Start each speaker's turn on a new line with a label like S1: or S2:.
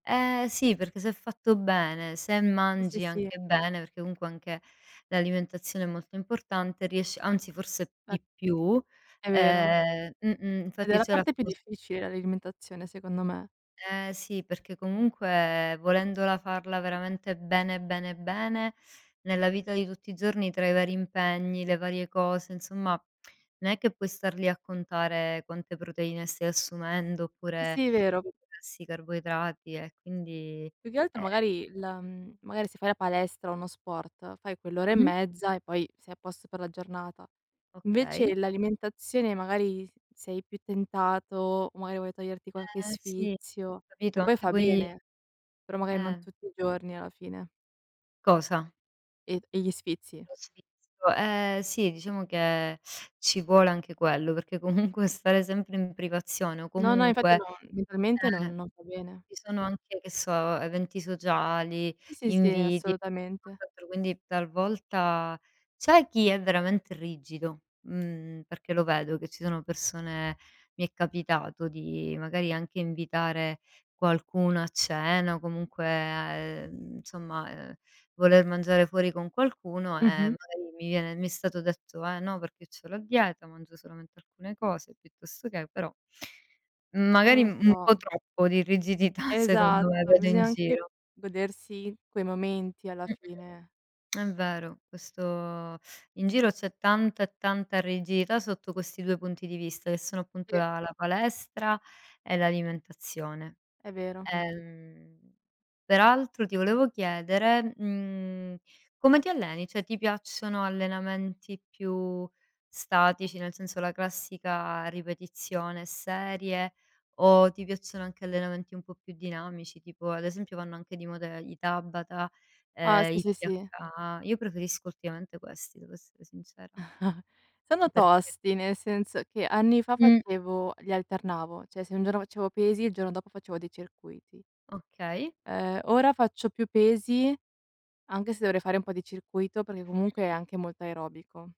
S1: Eh sì, perché se è fatto bene, se
S2: Sì, sì,
S1: mangi
S2: sì.
S1: anche bene, perché comunque anche l'alimentazione è molto importante riesci anzi forse
S2: È
S1: di più,
S2: è vero.
S1: ehm mh-mh,
S2: Ed è
S1: infatti
S2: la
S1: c'era.
S2: parte più
S1: [unintelligible]
S2: difficile l'alimentazione secondo me.
S1: Eh sì, perché comunque volendola farla veramente bene bene bene, nella vita di tutti i giorni tra i vari impegni, le varie cose, insomma non è che puoi star lì a contare quante proteine stai assumendo oppure
S2: Sì, è vero.
S1: grassi, carboidrati e quindi
S2: Più che altro
S1: eh
S2: magari la mhmm, magari se fai la palestra o uno sport fai quell'ora e
S1: Mh-mh.
S2: mezza e poi sei a posto per la giornata.
S1: Okay.
S2: Invece l'alimentazione magari sei più tentato, magari vuoi toglierti qualche
S1: Eh, sì,
S2: sfizio,
S1: capito?
S2: che poi
S1: Anche
S2: fa
S1: poi
S2: bene, però magari non
S1: eh.
S2: tutti i giorni alla fine.
S1: Cosa?
S2: E e gli sfizi.
S1: Lo sfizio, ehm, sì diciamo che ci vuole anche quello, perché comunque stare sempre in privazione o
S2: No, no, infatti no,
S1: comunque,
S2: mentalmente
S1: ehm,
S2: non non va bene.
S1: ci sono anche, che so, eventi sociali,
S2: Sì, sì, sì,
S1: inviti,
S2: assolutamente.
S1: [unintelligible] quindi talvolta c'è chi è veramente rigido, mh-mh, perché lo vedo che ci sono persone mi è capitato di magari anche invitare qualcuno a cena o comunque a ehm, somma, ehm, voler mangiare fuori con qualcuno, e
S2: Mh-mh.
S1: magari mi viene mi stato detto: "Eh no, perché c'ho la dieta, mangio solamente alcune cose piuttosto che" però.
S2: Non
S1: Magari
S2: lo
S1: u un po'
S2: so.
S1: troppo di rigidità secondo me
S2: Esatto,
S1: vedo in
S2: bisogna anche
S1: giro.
S2: godersi quei momenti alla
S1: Mh-mh.
S2: fine.
S1: È vero questo in giro c'è tanta e tanta rigidità sotto questi 2 punti di vista, che sono appunto
S2: Sì.
S1: la la palestra e l'alimentazione.
S2: È vero.
S1: Ehm peraltro ti volevo chiedere, mhmm, come ti alleni? Cioè ti piacciono allenamenti più statici, nel senso la classica ripetizione e serie, o ti piacciono anche allenamenti un po' più dinamici? Tipo ad esempio vanno anche di moda i Tabata,
S2: Ah
S1: ehm,
S2: sì,
S1: i
S2: sì, sì.
S1: PHA. Io preferisco ultimamente questi devo essere sincera. Mh,
S2: Sono
S1: oh perché
S2: tosti, nel senso che anni fa
S1: Mh.
S2: facevo li alternavo, cioè se un giorno facevo pesi, il giorno dopo facevo dei circuiti.
S1: Okay.
S2: Ehm, ora faccio più pesi anche se dovrei fare un po' di circuito, perché
S1: Mh.
S2: comunque è anche molto aerobico.